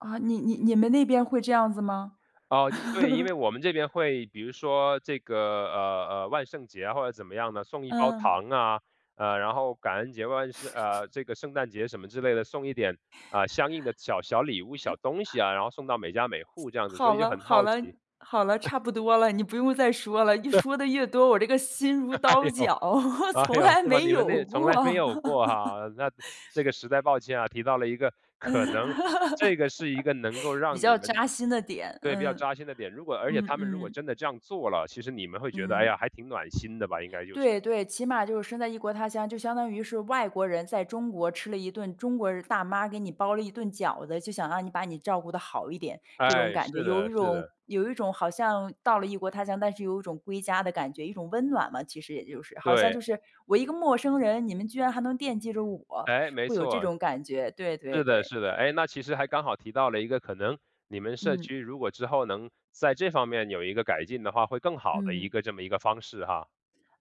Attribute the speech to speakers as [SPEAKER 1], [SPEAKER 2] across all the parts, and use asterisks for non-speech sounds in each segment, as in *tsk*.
[SPEAKER 1] 啊，你你你们那边会这样子吗？
[SPEAKER 2] 哦，一对，因为
[SPEAKER 1] *laughs*
[SPEAKER 2] 我们这边会比如说这个，呃，呃，万圣节啊或者怎么样的，送一包
[SPEAKER 1] 嗯。
[SPEAKER 2] 糖啊，呃，然后感恩节吧，是
[SPEAKER 1] *laughs*
[SPEAKER 2] 呃，这个圣诞节什么之类的，送一点，呃，相应的小小礼物、小东西
[SPEAKER 1] *chuckles*
[SPEAKER 2] 啊，然后送到每家每户这样子，所
[SPEAKER 1] 好
[SPEAKER 2] 以就
[SPEAKER 1] 了，
[SPEAKER 2] 很
[SPEAKER 1] 好
[SPEAKER 2] 好
[SPEAKER 1] 了，
[SPEAKER 2] 奇。
[SPEAKER 1] 好了，
[SPEAKER 2] *chuckles*
[SPEAKER 1] 差不多了，你不用再说了，一说得越多，我这个心如
[SPEAKER 2] *chuckles* 哎
[SPEAKER 1] 刀
[SPEAKER 2] 呦，
[SPEAKER 1] 绞，*chuckles*
[SPEAKER 2] 哎
[SPEAKER 1] 从
[SPEAKER 2] 呦，
[SPEAKER 1] 来
[SPEAKER 2] 是吗？
[SPEAKER 1] 没
[SPEAKER 2] 你们
[SPEAKER 1] 有
[SPEAKER 2] 那从
[SPEAKER 1] 过。
[SPEAKER 2] 来没有过哈，那，
[SPEAKER 1] *laughs*
[SPEAKER 2] 这个实在抱歉啊，提到了一个
[SPEAKER 1] 嗯，
[SPEAKER 2] 可能这
[SPEAKER 1] *laughs*
[SPEAKER 2] 个是一个能够
[SPEAKER 1] 比
[SPEAKER 2] 让你
[SPEAKER 1] 较
[SPEAKER 2] 们
[SPEAKER 1] 扎心的点，
[SPEAKER 2] 对，比较
[SPEAKER 1] 嗯。
[SPEAKER 2] 扎心的点，如果而且
[SPEAKER 1] 嗯
[SPEAKER 2] 他们如果
[SPEAKER 1] 嗯。
[SPEAKER 2] 真的这样做了，其实你们会觉得：“哎
[SPEAKER 1] 嗯。
[SPEAKER 2] 呀，还挺暖心的吧”，应该就是。
[SPEAKER 1] 对对，起码就是身在异国他乡，就相当于是外国人在中国吃了一顿中国的大妈给你包了一顿饺子，就想让你把你照顾得好一点，这种
[SPEAKER 2] 哎，
[SPEAKER 1] 感觉。
[SPEAKER 2] 是
[SPEAKER 1] 有
[SPEAKER 2] 的，
[SPEAKER 1] 一
[SPEAKER 2] 是
[SPEAKER 1] 种
[SPEAKER 2] 的。
[SPEAKER 1] 有一种好像到了异国他乡，但是有一种归家的感觉。一种温暖嘛，其实也就是。好像
[SPEAKER 2] 对。
[SPEAKER 1] 就是，我一个陌生人，你们居然还能惦记着我，
[SPEAKER 2] 诶，没
[SPEAKER 1] 会有这
[SPEAKER 2] 错，
[SPEAKER 1] 种感觉，对对
[SPEAKER 2] 是的，
[SPEAKER 1] 对。
[SPEAKER 2] 是的，诶，那其实还刚好提到了一个可能你们社
[SPEAKER 1] 嗯。
[SPEAKER 2] 区如果之后能在这方面有一个改进的话，会更好的一
[SPEAKER 1] 嗯。
[SPEAKER 2] 个这么一个方式哈。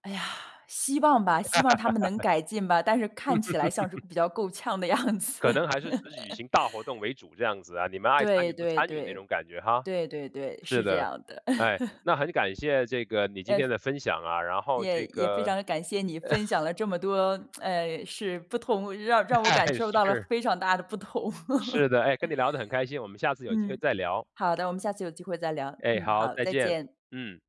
[SPEAKER 1] 哎呀，希望吧，希望他们能
[SPEAKER 2] *laughs*
[SPEAKER 1] 改进吧，但是看起来像是
[SPEAKER 2] *laughs*
[SPEAKER 1] 比较够呛的样子。
[SPEAKER 2] 可能还是只举
[SPEAKER 1] *laughs*
[SPEAKER 2] 行大活动为主，这样子啊，你们爱参
[SPEAKER 1] 对
[SPEAKER 2] 与不
[SPEAKER 1] 对
[SPEAKER 2] 参与那
[SPEAKER 1] 对，
[SPEAKER 2] 种感觉哈？
[SPEAKER 1] 对对对，
[SPEAKER 2] 是
[SPEAKER 1] 是这
[SPEAKER 2] 的，
[SPEAKER 1] 样的。
[SPEAKER 2] 哎，
[SPEAKER 1] *laughs*
[SPEAKER 2] 那很感谢这个你今
[SPEAKER 1] 呃，
[SPEAKER 2] 天的分享啊，然后
[SPEAKER 1] 也
[SPEAKER 2] 这
[SPEAKER 1] 也非
[SPEAKER 2] 个
[SPEAKER 1] 常感谢你分享
[SPEAKER 2] *chuckles*
[SPEAKER 1] 了这么多 *tsk* 呃，是不同让让我
[SPEAKER 2] 哎，
[SPEAKER 1] 感受到了
[SPEAKER 2] 是。
[SPEAKER 1] 非常大的不同。
[SPEAKER 2] 是
[SPEAKER 1] *laughs*
[SPEAKER 2] 的，哎，跟你聊得很开心，我们下次有机会
[SPEAKER 1] 嗯，
[SPEAKER 2] 再聊。
[SPEAKER 1] 好的，我们下次有机会再聊。
[SPEAKER 2] 哎，
[SPEAKER 1] 嗯，
[SPEAKER 2] 好，
[SPEAKER 1] 好，
[SPEAKER 2] 再
[SPEAKER 1] 再
[SPEAKER 2] 见，
[SPEAKER 1] 见。
[SPEAKER 2] 嗯。